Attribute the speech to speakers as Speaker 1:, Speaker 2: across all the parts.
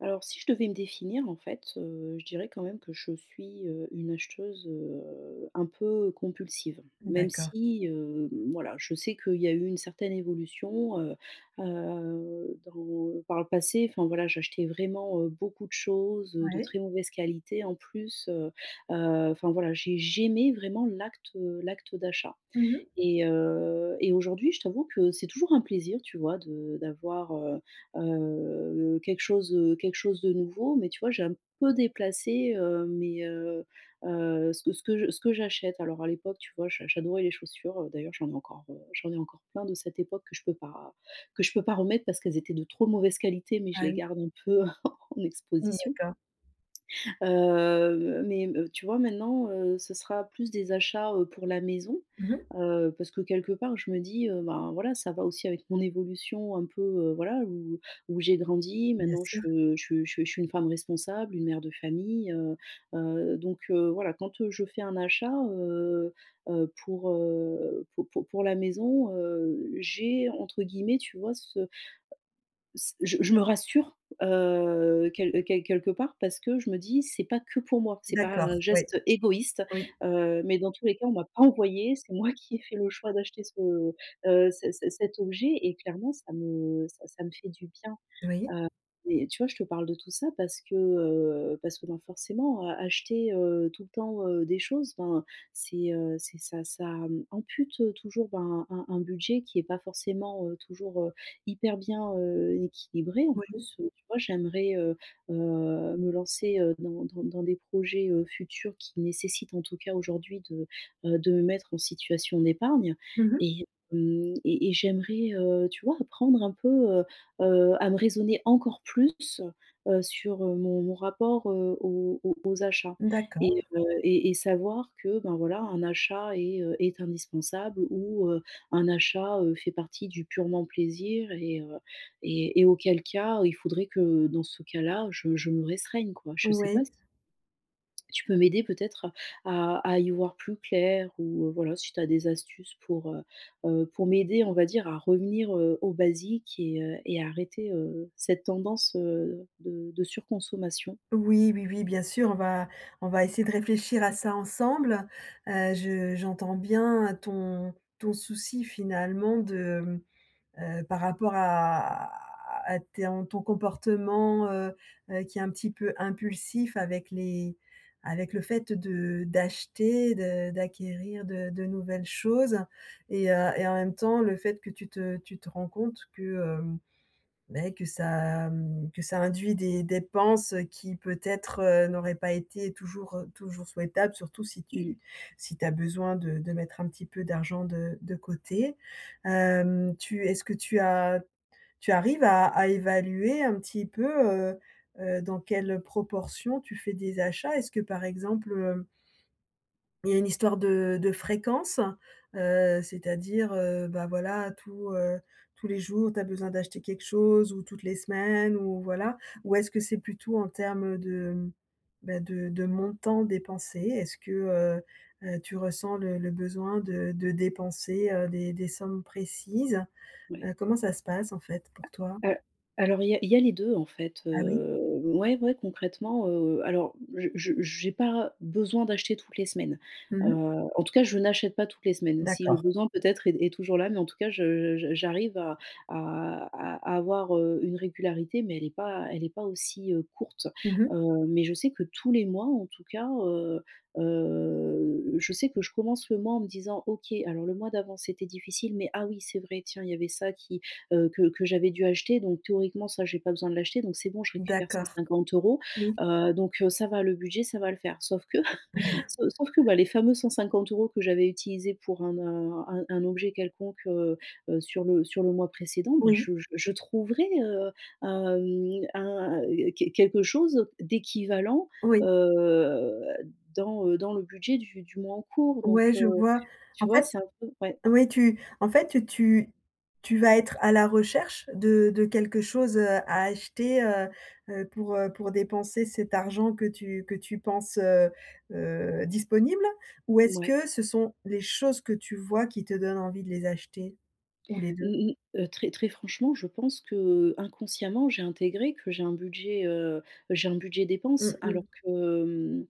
Speaker 1: Alors, si je devais me définir, en fait, heu, je dirais quand même que je suis, heu, une acheteuse, heu, un peu compulsive. Même
Speaker 2: D'accord.
Speaker 1: si, hem, voilà, je sais qu'il y a eu une certaine évolution, heu heu, dans par le passé, enfin, voilà, j'achetais vraiment, heu, beaucoup de choses, heu, de
Speaker 2: Ouais.
Speaker 1: très mauvaise qualité, en plus, heu heu, enfin, voilà. J'ai j'aimais vraiment l'acte, heu, l'acte d'achat
Speaker 2: Mmh mh.
Speaker 1: et heu, et aujourd'hui, je t'avoue que c'est toujours un plaisir, tu vois, de d'avoir, heu heu, quelque chose, heu, quelque chose de nouveau mais tu vois, j'ai un peu déplacé, heu, mes, heu heu ce que ce que ce que j'achète. Alors, à l'époque, tu vois, j'a j'adorais les chaussures, heu, d'ailleurs j'en ai encore, heu, j'en ai encore plein de cette époque que je peux pas que je peux pas remettre parce qu'elles étaient de trop mauvaise qualité mais je
Speaker 2: Ah
Speaker 1: les
Speaker 2: oui.
Speaker 1: garde un peu en en
Speaker 2: Mmh.
Speaker 1: exposition
Speaker 2: D'accord.
Speaker 1: heu, mais me tu vois, maintenant, heu, ce sera plus des achats, heu, pour la maison,
Speaker 2: Mmh mh.
Speaker 1: heu, parce que quelque part, je me dis, heu: «Ben, voilà, ça va aussi avec mon évolution un peu», heu, voilà, où où j'ai grandi
Speaker 2: Bien
Speaker 1: maintenant,
Speaker 2: sûr.
Speaker 1: je je je je suis une femme responsable, une mère de famille, heu heu, donc heu, voilà, quand je fais un achat, heu heu, pour, heu, pou pou pour la maison, heu, j'ai entre guillemets, tu vois, ce je me je me rassure, heu, quel quel quelque part parce que je me dis: «C'est pas que pour moi, c'est pas
Speaker 2: D'accord,
Speaker 1: un
Speaker 2: ouais.
Speaker 1: geste égoïste»,
Speaker 2: Oui.
Speaker 1: heu, mais dans tous les cas on m'a pas envoyée, c'est moi qui ai fait le choix d'acheter ce, heu, c c cet objet et clairement ça me ça ça me fait du bien, heu.
Speaker 2: Oui.
Speaker 1: Et tu vois, je te parle de tout ça parce que, heu, parce que, ben, forcément, heu, acheter, heu, tout le temps, heu, des choses, ben, c'est, heu, c'est ça ça, mmh, ampute, heu, toujours, ben, un un budget qui est pas forcément, heu, toujours, heu, hyper bien, heu, équilibré, en
Speaker 2: Oui.
Speaker 1: plus, heu, tu vois, j'aimerais, heu, heu, me lancer, heu, dans dans dans des projets, heu, futurs qui nécessitent, en tout cas aujourd'hui de, heu, de me mettre en situation d'épargne
Speaker 2: Mmh mh.
Speaker 1: et, mmh, et et j'aimerais, heu, tu vois, apprendre un peu, heu, heu, à me raisonner encore plus, heu, sur, heu, mon mon rapport, heu, aux aux aux achats et
Speaker 2: D'accord.
Speaker 1: heu, et et savoir que, ben, voilà, un achat est, heu, est indispensable ou, heu, un achat, heu, fait partie du purement plaisir et heu, et et auquel cas, heu, il faudrait que dans ce cas-là, je je me restreigne, quoi. Je sais
Speaker 2: Oui.
Speaker 1: pas si tu peux m'aider peut-être à à à y voir plus clair ou, heu, voilà, si tu as des astuces pour, heu heu, pour m'aider, on va dire, à revenir, heu, aux basiques et heu et à arrêter, heu, cette tendance, heu, de de surconsommation.
Speaker 2: Oui, oui, oui, bien sûr, on va on va essayer de réfléchir à ça ensemble. Heu, je j'entends bien ton ton souci, finalement, de, mmh, heu, par rapport à à t ton ton comportement, heu heu, qui est un petit peu impulsif avec les avec le fait de d'acheter, de d'acquérir de de nouvelles choses et heu et en même temps le fait que tu te tu te rends compte que, hem, beh, que ça, mmh, que ça induit des dépenses qui peut-être, heu, n'auraient pas été toujours, heu, toujours souhaitables surtout si
Speaker 1: Mmh.
Speaker 2: tu si tu as besoin de de mettre un petit peu d'argent de de côté. Hem, tu est-ce que tu a tu arrives à à évaluer un petit peu, heu heu, dans quelle proportion tu fais des achats? Est-ce que par exemple, heu il y a une histoire de de fréquence? Heu, c'est-à-dire, heu, bah, voilà, tous, heu, tous les jours, tu as besoin d'acheter quelque chose ou toutes les semaines, ou voilà? Ou est-ce que c'est plutôt en termes de, bah, de de montant dépensé? Est-ce que, heu heu, tu ressens le le besoin de de dépenser, heu, des des sommes précises?
Speaker 1: Ouais.
Speaker 2: Heu, comment ça se passe, en fait, pour toi?
Speaker 1: Heu, alors il y a il y a les 2 en fait,
Speaker 2: Ah oui?
Speaker 1: heu, ouais, ouais, concrètement, heu alors je je j'ai pas besoin d'acheter toutes les semaines,
Speaker 2: Mmh
Speaker 1: heu,
Speaker 2: mh.
Speaker 1: en tout cas, je n'achète pas toutes les semaines. Si le
Speaker 2: D'accord.
Speaker 1: besoin peut-être est est toujours là mais en tout cas, je j j'arrive à à à avoir, heu, une régularité mais elle est pas elle est pas aussi, heu, courte,
Speaker 2: Mmh mh.
Speaker 1: heu. Mais je sais que tous les mois, en tout cas, heu heu, je sais que je commence le mois en me disant: «OK, alors le mois d'avant, c'était difficile, mais ah oui, c'est vrai, tiens, il y avait ça qui, heu, que que j'avais dû acheter donc théoriquement, ça, j'ai pas besoin de l'acheter donc c'est bon je récupère cent
Speaker 2: D'accord.
Speaker 1: cinquante euros,
Speaker 2: Oui.
Speaker 1: heu, donc heu, ça va, le budget, ça va le faire». Sauf que, sau sauf que, bah, les fameux 150 € que j'avais utilisés pour un n un un objet quelconque, heu heu, sur le sur le mois précédent, ben,
Speaker 2: Oui.
Speaker 1: je je je trouverais, heu, hem, un, heu, qu quelque chose d'équivalent,
Speaker 2: Oui.
Speaker 1: heu, dans, heu, dans le budget du du mois en cours, donc,
Speaker 2: Ouais, je
Speaker 1: heu,
Speaker 2: vois.
Speaker 1: tu
Speaker 2: En
Speaker 1: vois,
Speaker 2: fait
Speaker 1: c'est un peu ouais.
Speaker 2: oui, tu en fait, tu tu vas être à la recherche de de quelque chose, heu, à acheter, heu heu, pour, heu, pour dépenser cet argent que tu que tu penses, heu heu, disponible? Ou est-ce
Speaker 1: Mouais.
Speaker 2: que ce sont les choses que tu vois qui te donnent envie de les acheter? Ou les 2?
Speaker 1: Mmh mh. Heu, très très franchement, je pense qu'inconsciemment j'ai intégré que j'ai un budget, heu, j'ai un budget dépenses
Speaker 2: Mmh mh.
Speaker 1: alors que, mmh,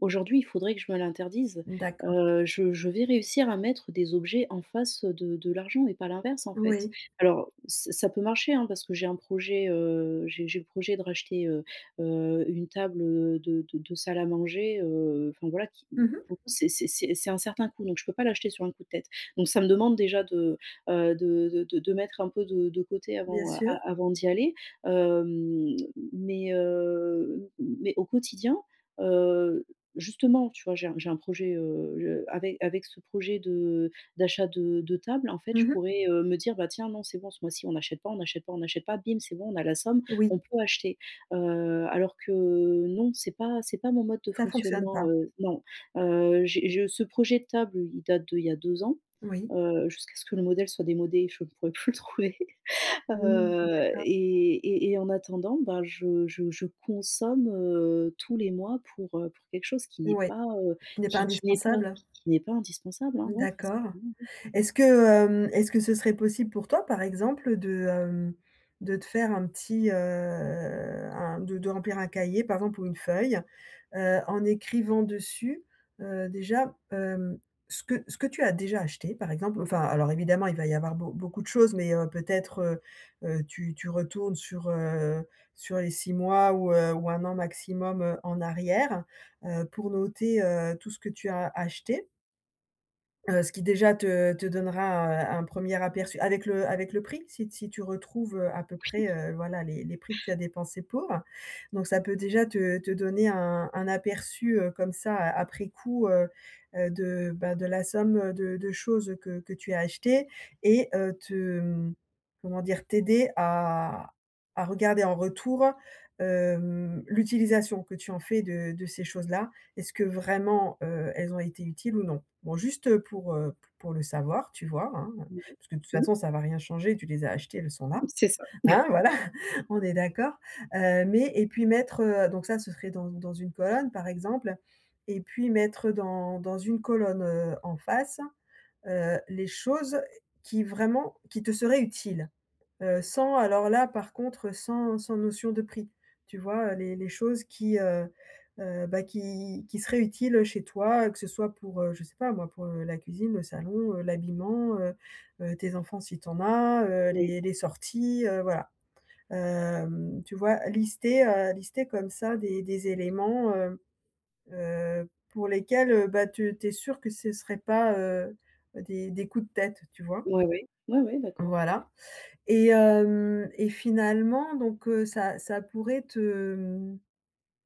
Speaker 1: aujourd'hui, il faudrait que je me l'interdise.
Speaker 2: D'accord.
Speaker 1: Heu, je je vais réussir à mettre des objets en face, heu, de de l'argent mais pas l'inverse, en fait.
Speaker 2: Oui.
Speaker 1: Alors ç ça peut marcher, hein, parce que j'ai un projet, heu, j'ai j'ai le projet de racheter, heu heu, une table, heu, de de de salle à manger, heu, enfin, voilà, qui
Speaker 2: Mmh mh.
Speaker 1: pour le coup, c'est c'est c'est un certain coût donc je peux pas l'acheter sur un coup de tête, donc ça me demande déjà de, heu, de de de mettre un peu de de côté
Speaker 2: Bien
Speaker 1: avant a
Speaker 2: sûr.
Speaker 1: avant d'y aller, hem, m mais, heu, mais au quotidien, heu, justement, tu vois, j'ai un j'ai un projet, heu, je avec, avec ce projet de d'achat de de table, en fait, je
Speaker 2: Mmh mh.
Speaker 1: pourrais, heu, me dire: «Bah, tiens, non, c'est bon ce mois-ci on n'achète pas, on n'achète pas, on n'achète pas: bim, c'est bon, on a la somme,
Speaker 2: Oui.
Speaker 1: on peut acheter», heu, alors que non, c'est pas c'est pas mon mode de
Speaker 2: Ça fonctionne
Speaker 1: fonctionnement,
Speaker 2: pas!
Speaker 1: heu, non. Heu, j'ai je ce projet de table, il date d'il y a 2 ans,
Speaker 2: Oui.
Speaker 1: heu, jusqu'à ce que le modèle soit démodé, je pourrai plus le trouver,
Speaker 2: Mmh,
Speaker 1: heu,
Speaker 2: d'accord.
Speaker 1: et et et en attendant, ben, je je je consomme, heu, tous les mois pour, heu, pour quelque chose qui est
Speaker 2: Ouais.
Speaker 1: pas, heu,
Speaker 2: Qui n'est pas
Speaker 1: qui qui n'est pas,
Speaker 2: indispensable?
Speaker 1: qui qui n'est pas indispensable, hein, ouais, très
Speaker 2: D'accord.
Speaker 1: sincérement, ouais. Mmh.
Speaker 2: Est-ce que, hem, est-ce que ce serait possible pour toi, par exemple, de, hem, de te faire un petit, heu, un de de remplir un cahier, par exemple, ou une feuille, heu, en écrivant dessus, heu, déjà, hem, ce que ce que tu as déjà acheté, par exemple, enfin alors évidemment il va y avoir beau beaucoup de choses mais, heu, peut-être, heu heu, tu tu retournes sur, heu, sur les 6 mois ou, heu, ou 1 an maximum, heu, en arrière, heu, pour noter, heu, tout ce que tu as acheté? Heu, ce qui déjà te te donnera, heu, un un 1er aperçu avec le avec le prix si t si tu retrouves, heu, à peu près,
Speaker 1: Oui.
Speaker 2: heu, voilà les les prix que tu as dépensés pour. Donc ça peut déjà te te donner un un aperçu, heu, comme ça a après coup, heu heu, de bah, de la somme, heu, de de choses, heu, que que tu as achetées et heu, te mmh, comment dire? T'aider à à regarder en retour, hem, l'utilisation que tu en fais de de ces choses-là. Est-ce que vraiment, heu, elles ont été utiles ou non? Bon juste, heu, pour, heu, p pour le savoir tu vois? Hein, heu,
Speaker 1: Ouais,
Speaker 2: parce que de toute
Speaker 1: mmh.
Speaker 2: façon ça va rien changer, tu les as achetées elles sont là.
Speaker 1: Mmh. C'est ça.
Speaker 2: Hein, voilà, on est d'accord. Heu, mais et puis mettre, heu donc ça se serait dans dans une colonne par exemple et puis mettre, heu, dans dans une colonne, heu, en face, heu, les choses qui vraiment qui te seraient utiles. Heu, sans alors là par contre, heu, sans sans notion de prix. Tu vois? Heu, les les choses qui, heu heu, bah, qui qui seraient utiles, heu, chez toi, heu, que ce soit pour, heu, je sais pas moi pour, heu, la cuisine, le salon, heu, l'habillement, heu heu, tes enfants si tu en as, heu,
Speaker 1: Oui.
Speaker 2: les les sorties, heu, voilà. Hem, tu vois? Lister, heu, lister comme ça des des éléments, heu heu, pour lesquels, heu, bah, tu tu es sûre que ce serait pas, heu, des des coups de tête, tu vois?
Speaker 1: Ouais oui. Ouais ouais d'accord.
Speaker 2: Voilà et hem, et finalement donc heu, ça ça pourrait te mmh,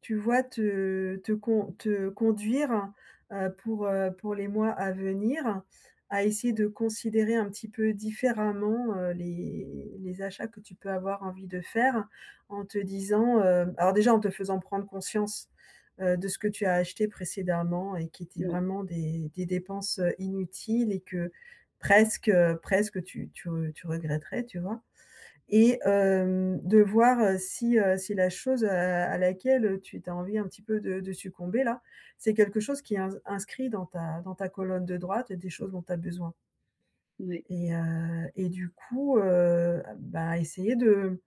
Speaker 2: tu vois, te te con te conduire, heu, pour, heu, pour les mois à venir, à essayer de considérer un petit peu différemment, heu, les les achats que tu peux avoir envie de faire, en te disant, heu alors déjà en te faisant prendre conscience, heu, de ce que tu as acheté précédemment et qui étaient
Speaker 1: Ouais.
Speaker 2: vraiment des des dépenses, heu, inutiles et que presque, heu, presque, heu, tu tu tu regretterais tu vois? Et hem, de voir, heu, si, heu, si la chose, heu, à à laquelle, heu, tu tu as envie un petit peu de de succomber là, c'est quelque chose qui est in inscrit dans ta dans ta colonne de droite, heu, des choses dont tu as besoin.
Speaker 1: Ouais.
Speaker 2: Et heu, et du coup, heu, bah, essayer de,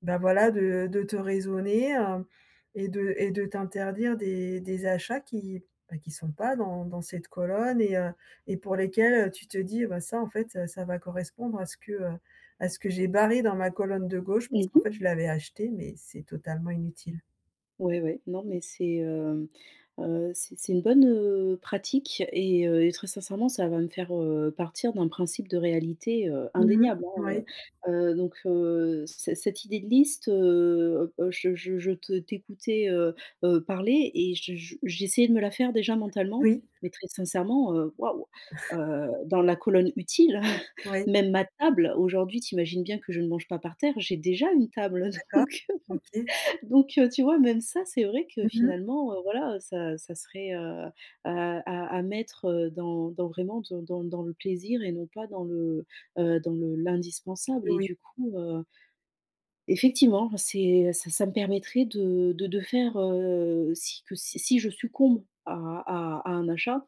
Speaker 2: bah voilà, de de te raisonner, heu et de et de t'interdire des des achats qui, bah, qui sont pas dans dans cette colonne et heu, et pour lesquels, heu, tu te dis: «Bah ça en fait, heu, ça va correspondre à ce que, heu, à ce que j'ai barré dans ma colonne de gauche parce
Speaker 1: Mmh
Speaker 2: qu'en
Speaker 1: mh.
Speaker 2: fait je l'avais acheté, mais c'est totalement inutile».
Speaker 1: Ouais, ouais. Non, mais c'est, heu, heu, c'est c'est une bonne, heu, pratique et heu, et très sincèrement ça va me faire, heu, partir d'un principe de réalité, heu,
Speaker 2: Mmh mh.
Speaker 1: indéniable, hein,
Speaker 2: Ouais.
Speaker 1: heu. Heu, donc heu, cet cette idée de liste, heu, heu, je je je te t'écoutais, heu, heu, parler et je je j'essayais de me la faire déjà mentalement,
Speaker 2: Oui.
Speaker 1: mais très sincèrement, heu, waouh! Heu, dans la colonne utile,
Speaker 2: Ouais.
Speaker 1: même ma table aujourd'hui tu imagines bien que je ne mange pas par terre. J'ai déjà une table,
Speaker 2: [unintelligible]
Speaker 1: heu,
Speaker 2: D'accord,
Speaker 1: donc heu,
Speaker 2: OK.
Speaker 1: bon. Donc heu, tu vois? Même ça, c'est vrai que
Speaker 2: Mmh mh.
Speaker 1: finalement, heu, voilà heu, ça ça serait, heu, à à à mettre, heu, dans dans vraiment dans dans dans le plaisir et non pas dans le, heu, dans le l'indispensable
Speaker 2: Eh
Speaker 1: et
Speaker 2: oui.
Speaker 1: du coup, heu effectivement c'est ça ça me permettrait de de de faire, heu, si que si si je succombe à à à un achat,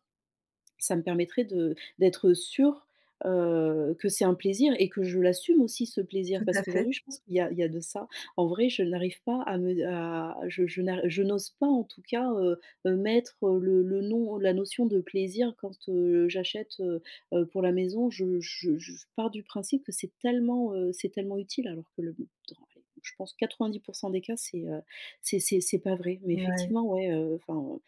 Speaker 1: ça me permettrait de d'être sûre, heu, que c'est un plaisir et que je l'assume aussi ce plaisir
Speaker 2: Tout
Speaker 1: parce
Speaker 2: à fait.
Speaker 1: qu'aujourd'hui je pense qu'il y a il y a de ça. En vrai je n'arrive pas à me à je je n'ar je n'ose pas en tout cas, heu, heu, mettre, heu, le le nom, ou la notion de plaisir quand, heu, j'achète, heu, heu, pour la maison. Je je je pars du principe que c'est tellement, heu, c'est tellement utile alors que le dans allez, je pense 90% des cas c'est, heu, c'est c'est c'est pas vrai, mais
Speaker 2: Ouais.
Speaker 1: effectivement ouais, heu, enfin,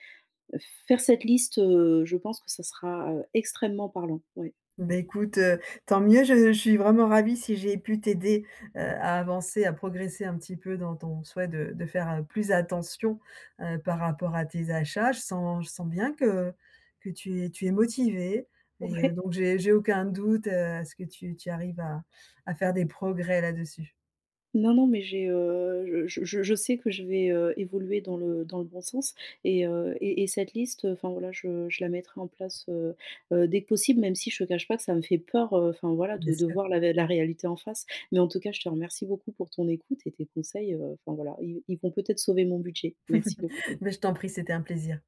Speaker 1: heu, faire cette liste, heu, je pense que ça sera, heu, extrêmement parlant, ouais.
Speaker 2: Bah, écoute, heu, tant mieux je je suis vraiment ravie si j'ai pu t'aider, heu, à avancer à progresser un petit peu dans ton souhait de de faire, heu, plus attention, heu, par rapport à tes achats. Je sens je sens bien que que tu es tu es motivée et heu,
Speaker 1: Ouais.
Speaker 2: donc j'ai j'ai aucun doute, heu, à ce que tu tu arrives à à faire des progrès là-dessus.
Speaker 1: Non non, mais j'ai, heu, je je je je sais que je vais, heu, évoluer dans le dans le bon sens et heu, et et cette liste, heu, enfin voilà, je je la mettrai en place, heu, heu, dès que possible. Même si je te cache pas que ça me fait peur, heu, enfin voilà
Speaker 2: Bien
Speaker 1: de de
Speaker 2: sûr.
Speaker 1: voir la vé la réalité en face, mais en tout cas je te remercie beaucoup pour ton écoute et tes conseils, heu, enfin voilà ils ils vont peut-être sauver mon budget. Merci beaucoup.
Speaker 2: Beh, je t'en prie c'était un plaisir.